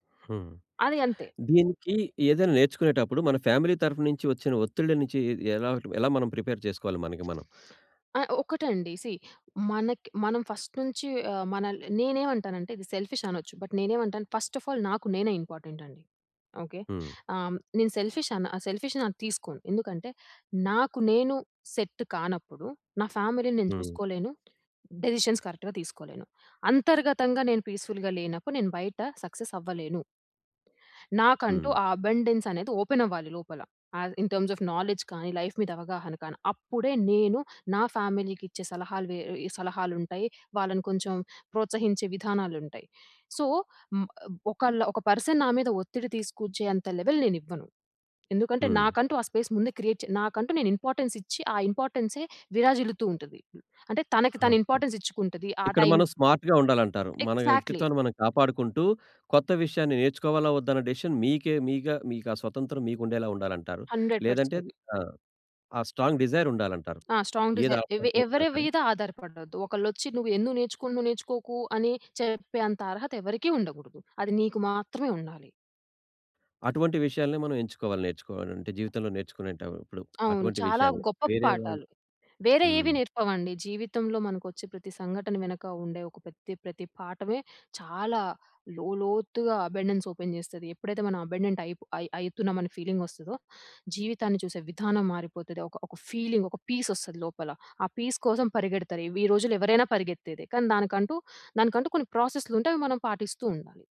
హ్మ్. అది అంతే. దీనికి ఏదైనా నేర్చుకునేటప్పుడు మన ఫ్యామిలీ తరపునుంచి వచ్చిన ఒత్తిళ్ళ నుంచి, ఎలా ఎలా మనం ప్రిపేర్ చేసుకోవాలి మనకి మనం? ఆహ్, ఒక్కటండి సీ మనకి మనం ఫస్ట్ నుంచి ఆహ్, మనల్ని నేనేమంటానంటే ఇది సెల్ఫిష్ అనొచ్చు. బట్ నేనేమంటాను ఫస్ట్ ఆఫ్ ఆల్ నాకు నేనే ఇంపార్టెంట్ అండి. ఓకె. హ్మ్. ఆహ్, నేను సెల్ఫిష్ అన సెల్ఫిష్‌ అన్న అది తీసుకోను. ఎందుకంటే నాకు నేను సెట్ కానప్పుడు, నా ఫ్యామిలీని నేను హ్మ్. చూసుకోలేను. డెసిషన్స్ కరెక్ట్‌‌గా తీసుకోలేను. అంతర్గతంగా నేను పీస్ఫుల్‌గా లేనప్పుడు, నేను బయట సక్సెస్ అవ్వలేను. నాకంటూ హ్మ్. ఆ అబండెన్స్ అనేది ఓపెన్ అవ్వాలి లోపల. Ah, in terms of knowledge కానీ, లైఫ్ మీద అవగాహన కానీ. అప్పుడే నేను నా ఫ్యామిలీకిచ్చే సలహాలు వే ఇ సలహాలుంటాయి. వాళ్ళని కొంచెం ప్రోత్సహించే విధానాలుంటాయి. సో, మ్ ఆహ్, ఒకళ్లు ఒక పర్సన్ నా మీద ఒత్తిడి తీసుకొచ్చేంత లెవెల్ నేనివ్వను. ఎందుకంటే, హ్మ్. నాకంటూ ఆ స్పేస్ ముందే క్రియేట్ చే నాకంటూ నేను ఇంపార్టెన్స్ ఇచ్చి ఆ ఇంపార్టెన్సే విరాజిల్లుతూ ఉంటది. అంటే తనకి తను ఓకె. ఇంపార్టెన్స్ ఇచ్చుకుంటది. ఆ ఇక్కడ టైం మనం స్మార్ట్‌గా ఉండాలంటారు. మన ఎగ్జాక్ట్లీ. వ్యక్తిత్వాన్ని మనం కాపాడుకుంటూ, కొత్త విషయాన్ని నేర్చుకోవాలా, వద్దా అనే డిసిషన్ మీకే మీగా మీకా స్వతంత్రం మీకుండేలా ఉండాలంటారు. హండ్రెడ్ లేదంటే పర్సెంట్. ఆ! ఆ స్ట్రాంగ్ డిజైర్ ఉండాలంటారు. ఆ! స్ట్రాంగ్ ఏది డిజైర్ ఎవి ఆటంకం వచ్చినా ఎవరి సరే. మీద ఆధారపడదు. ఒకళ్ళొచ్చి నువ్వు ఎందుకు నేర్చుకున్నావు, నువ్వు నేర్చుకోకు అని చెప్పే అంత అర్హత ఎవరికీ ఉండగూడదు. అది నీకు మాత్రమే ఉండాలి. అటువంటి విషయాలనే మనం ఎంచుకోవాలి నేర్చుకోవాలంటే. జీవితంలో నేర్చుకునేటప్పుడు అవును. అటువంటి చాలా విషయాలు గొప్ప వేరే వాళ్ళు పాఠాలు. వేరే ఏవి హ్మ్. నేర్పవండి. జీవితంలో మనకొచ్చే ప్రతి సంఘటన వెనక ఉండే ఒక ప్రతి ప్రతి పాఠమే చాలా లోలోతుగా అబండెన్స్ ఓపెన్ జేస్తది. ఎప్పుడైతే మనం అబండెంట్ అయిప్- అయ్ అయితున్నాం అని ఫీలింగొస్తదో జీవితాన్ని చూసే విధానం మారిపోతది. ఒక, ఒక ఫీలింగ్, ఒక పీస్ ఒస్తుంది లోపల. ఆ పీస్ కోసం పరిగెడతారు. ఈ వి రోజుల్లో ఎవరైనా పరిగెత్తేదే. కానీ, దానికంటూ దానికంటూ కొన్ని ప్రాసెస్లు ఉంటాయి. అవి మనం పాటిస్తూ ఉండాలి.